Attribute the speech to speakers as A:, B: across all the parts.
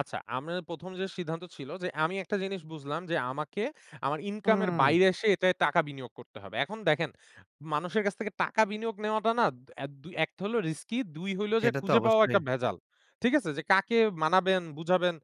A: আচ্ছা, আমি ১ম যে সিদ্ধান্ত ছিল যে আমি একটা জিনিস বুঝলাম যে আমাকে আমার ইনকাম এর
B: হুম।
A: বাইরে এসে এটায় টাকা বিনিয়োগ করতে হবে। এখন দেখেন, মানুষের কাছ থেকে টাকা বিনিয়োগ নেওয়াটা না দ এদ ১ হলো রিস্কি, ২ হইলো যে
B: সেটা তো
A: খুঁজে পাওয়াও একটা
B: অবশ্যই।
A: ভেজাল। ঠিক আছে? যে কাকে মানাবেন বুঝাবেন?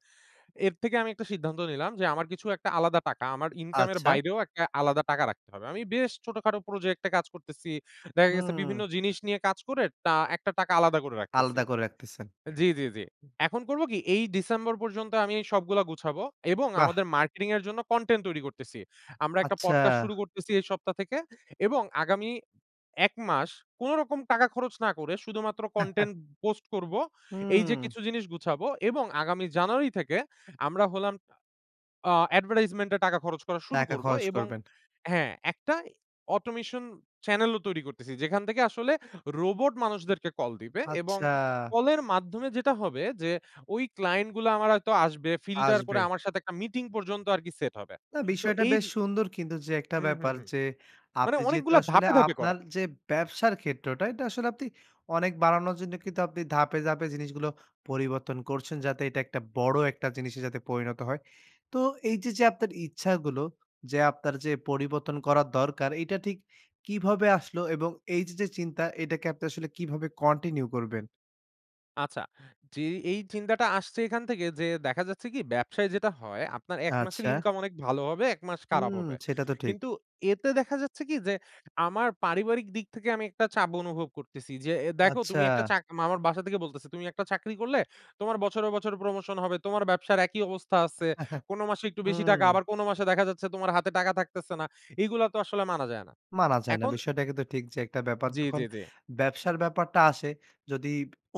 A: এর থেকে আমি একটা সিদ্ধান্ত নিলাম যে আমার কিছু একটা আলাদা টাকা, আমার ইনকাম এর
B: আচ্ছা।
A: বাইরেও একটা আলাদা টাকা রাখতে হবে। আমি বেশ ছোটখাটো প্রজেক্টে কাজ করতেছি। দেখা গেছে
B: হুম।
A: বিভিন্ন জিনিস নিয়ে কাজ করে টা একটা টাকা আলাদা করে রাখতেছি।
B: আলাদা করে রাখতেছেন।
A: জি, জি, জি। এখন করব কি এই ডিসেম্বর পর্যন্ত আমি সবগুলা গুছাবো এবং
B: বাহ!
A: আমাদের মার্কেটিং এর জন্য কনটেন্ট তৈরি করতেছি। আমরা একটা
B: আচ্ছা।
A: পডকাস্ট শুরু করতেছি এই সপ্তাহ থেকে এবং আগামী ১ মাস কোনরকম টাকা খরচ না করে শুধুমাত্র কনটেন্ট পোস্ট করব। এই যে
B: হুম।
A: কিছু জিনিস গুছাবো এবং আগামী জানুয়ারি থেকে আমরা হলাম আ আ অ্যাডভার্টাইজমেন্ট এ টাকা খরচ করা শুরু
B: টাকা
A: করব
B: খরচ
A: এবং
B: করবেন।
A: হ্যাঁ একটা এ অটোমেশন চ্যানেল ও তৈরি করতেছি। যেখান থেকে আসলে রোবট মানুষদেরকে কল দিবে এবং
B: আচ্ছা।
A: কলের মাধ্যমে যেটা হবে যে ওই ক্লায়েন্ট গুলো আমার হয়তো আসবে, ফিল্টার
B: আসবে।
A: করে আমার সাথে একটা মিটিং পর্যন্ত আরকি সেট হবে।
B: না
A: তো
B: বিষয়টা
A: এই
B: বেশ
A: য
B: সুন্দর কিন্তু যে একটা
A: হুম, হুম,
B: ব্যাপার।
A: হুম।
B: যে
A: মানে
B: আপনি যেহেতু
A: অনেকগুলো
B: আসলে
A: ধাপে, ধাপে করা।
B: আপনার যে ব্যবসার ক্ষেত্রটা এটা আসলে আপনি অনেক বাড়ানোর জন্য কিন্তু আপনি ধাপে, ধাপে জিনিসগুলো পরিবর্তন করছেন। যাতে এটা একটা বড় একটা জিনিসে যাতে পরিনত হয়। তো এই যে, যে আপনার ইচ্ছাগুলো যে আপনার যে পরিবর্তন করার দরকার এটা ঠিক কিভাবে আসলো? এবং এই যে, যে চিন্তা এটাকে আপনি আসলে কিভাবে কন্টিনিউ করবেন?
A: আচ্ছা। জি, এই চিন্তাটা আসছে এখান থেকে যে দেখা যাচ্ছে কি ব্যবসায় যেটা হয় আপনার ১ মাসের
B: আচ্ছা।
A: ইনকাম অনেক ভালো হবে ১ মাস খারাপ
B: হুম
A: হবে।
B: সেটা তো ঠিক।
A: কিন্তু এতে দেখা যাচ্ছে কি যে আমার পারিবারিক দিক থেকে আমি একটা চাপ অনুভব করতেছি যে এ দেখো
B: আচ্ছা।
A: তুমি একটা চাক আমার বাসা থেকে বলতেছে, "তুমি একটা চাকরি করলে তোমার বছরে, বছরে প্রমোশন হবে তোমার ব্যবসার একই অবস্থা আছে। কোন মাসে একটু বেশি টাকা
B: হুম।
A: আবার কোন মাসে দেখা যাচ্ছে তোমার হাতে টাকা থাকতেছে না। এইগুলা তো আসলে মানা যায় না।"
B: মানা যায় না।
A: এখন
B: বিষয়টা কিন্তু ঠিক যে একটা ব্যাপার।
A: জি,
B: যখন
A: জি, জি।
B: ব্যবসার ব্যাপারটা আসে, যদি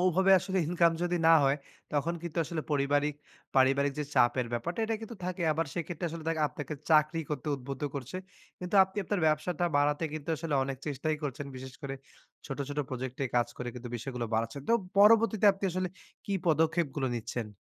B: ওভাবে আসলে ইনকাম যদি না হয় তখন কিন্তু আসলে পরিবারিক পারিবারিক যে চাপের ব্যাপারটা এটা কিন্তু থাকে সেক্ষেত্রে আসলে দেক আপনাকে চাকরি করতে উদ্বুদ্ধ করছে। কিন্তু আপনি আপনার ব্যবসাটা বাড়াতে কিন্তু আসলে অনেক চেষ্টাই করছেন। বিশেষ করে ছোট, ছোট প্রজেক্ট এ কাজ করে কিন্তু বিষয়গুলো বাড়াচ্ছেন। তো পরবর্তীতে আপনি আসলে কি পদক্ষেপ গুলো নিচ্ছেন?